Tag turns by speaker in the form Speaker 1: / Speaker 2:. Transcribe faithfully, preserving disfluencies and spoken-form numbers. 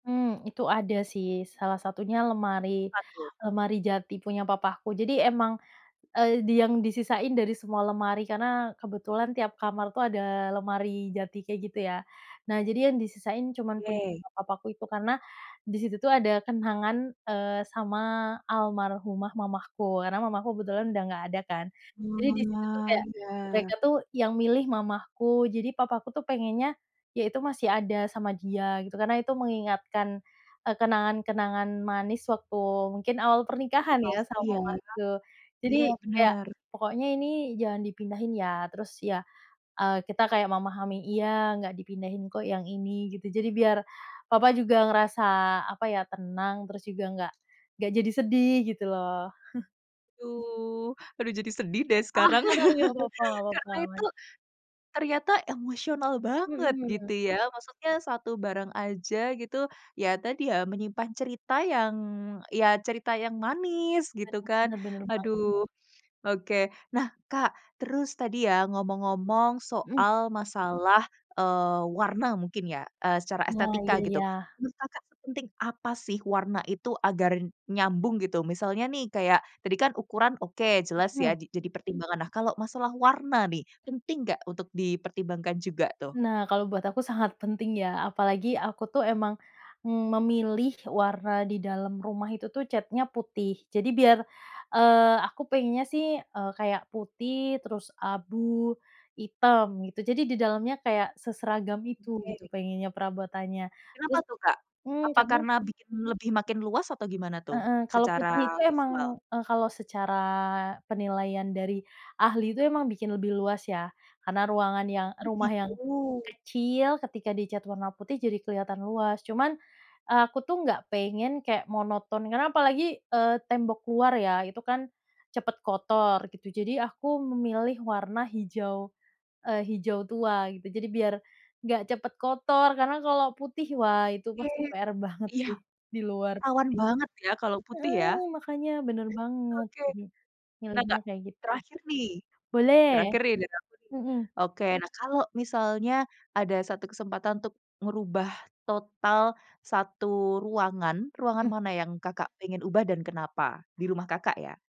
Speaker 1: Hmm, itu ada sih, salah satunya lemari
Speaker 2: Apa tuh?
Speaker 1: lemari jati punya papahku. Jadi emang, eee, di yang disisain dari semua lemari, karena kebetulan tiap kamar tuh ada lemari jati kayak gitu ya. Nah jadi yang disisain cuman punya
Speaker 2: Oke.
Speaker 1: papahku itu karena disitu tuh ada kenangan, eee, sama almarhumah mamahku, karena mamahku kebetulan udah nggak ada kan. Jadi disitu tuh
Speaker 2: Oalah,
Speaker 1: kayak
Speaker 2: iya.
Speaker 1: mereka tuh yang milih mamahku, jadi papahku tuh pengennya yaitu masih ada sama dia gitu, karena itu mengingatkan, eee, kenangan-kenangan manis waktu mungkin awal
Speaker 2: Jadi
Speaker 1: pernikahan ya
Speaker 2: pasti
Speaker 1: sama
Speaker 2: ya.
Speaker 1: mamahku. Jadi
Speaker 2: Iya
Speaker 1: kayak
Speaker 2: bener.
Speaker 1: pokoknya ini jangan dipindahin ya terus ya, eee, kita kayak memahami, "Iya, nggak dipindahin kok yang ini" gitu, jadi biar papah juga ngerasa, apa ya, tenang terus juga enggak enggak jadi sedih gitu loh.
Speaker 2: Aduh aduh jadi sedih deh
Speaker 1: Ah
Speaker 2: sekarang
Speaker 1: iya, nggak apa-apa nggak apa-apa,
Speaker 2: Karena itu,
Speaker 1: aman.
Speaker 2: ternyata emosional banget
Speaker 1: Mhm.
Speaker 2: gitu ya. Maksudnya satu barang aja gitu, ya tadi ya menyimpan cerita yang, ya cerita yang manis gitu kan,
Speaker 1: Bener bener banget.
Speaker 2: aduh oke. Nah Kak, terus tadi ya ngomong-ngomong
Speaker 1: Mhm.
Speaker 2: soal masalah, eee, warna mungkin ya, eee, secara
Speaker 1: Iya
Speaker 2: estetika
Speaker 1: iya
Speaker 2: gitu.
Speaker 1: iya.
Speaker 2: Menurut Kakak, sepenting apa sih warna itu agar nyambung, gitu? Misalnya nih, kayak tadi kan ukuran oke jelas ya
Speaker 1: Mhm.
Speaker 2: di jadi pertimbangan, nah kalau masalah warna nih, penting nggak untuk dipertimbangkan juga tuh?
Speaker 1: Nah, kalau buat aku sangat penting ya, apalagi aku tuh emang, mmm, memilih warna di dalam rumah itu tuh catnya putih. Jadi biar, eee, aku pengennya sih, eee, kayak putih terus abu hitam gitu, jadi di dalamnya kayak seseragam itu gitu
Speaker 2: Oke.
Speaker 1: pengennya perabotannya,
Speaker 2: Kenapa
Speaker 1: terus
Speaker 2: tuh, Kak?
Speaker 1: hmm,
Speaker 2: Apa
Speaker 1: catnya
Speaker 2: karena bikin lebih makin luas atau gimana tuh
Speaker 1: Heeh, kalau putih
Speaker 2: secara
Speaker 1: itu emang
Speaker 2: visual?
Speaker 1: eee, kalau secara penilaian dari ahli itu emang bikin lebih luas ya, karena ruangan yang
Speaker 2: Oh
Speaker 1: rumah yang
Speaker 2: gitu.
Speaker 1: kecil ketika dicat warna putih jadi kelihatan luas. Cuman aku tuh nggak pengen kayak monoton karena apalagi, eee, tembok luar ya itu kan cepet kotor gitu, jadi aku memilih warna hijau, eee, hijau tua gitu. Jadi biar nggak cepet kotor karena kalau putih wah itu
Speaker 2: Oke.
Speaker 1: pasti PR banget
Speaker 2: Iya.
Speaker 1: sih di luar
Speaker 2: Rawan
Speaker 1: putih.
Speaker 2: banget ya kalau putih ya?
Speaker 1: Heeh, makanya bener banget,
Speaker 2: Oke.
Speaker 1: jadi
Speaker 2: Nah
Speaker 1: milihnya
Speaker 2: Kak,
Speaker 1: kayak gitu.
Speaker 2: terakhir nih
Speaker 1: Boleh.
Speaker 2: terakhir nih dari aku nih.
Speaker 1: Mhm.
Speaker 2: Oke, nah kalau misalnya ada satu kesempatan untuk merubah total satu ruangan, ruangan
Speaker 1: Iya.
Speaker 2: mana yang Kakak pengen ubah dan kenapa? Di rumah Kakak ya.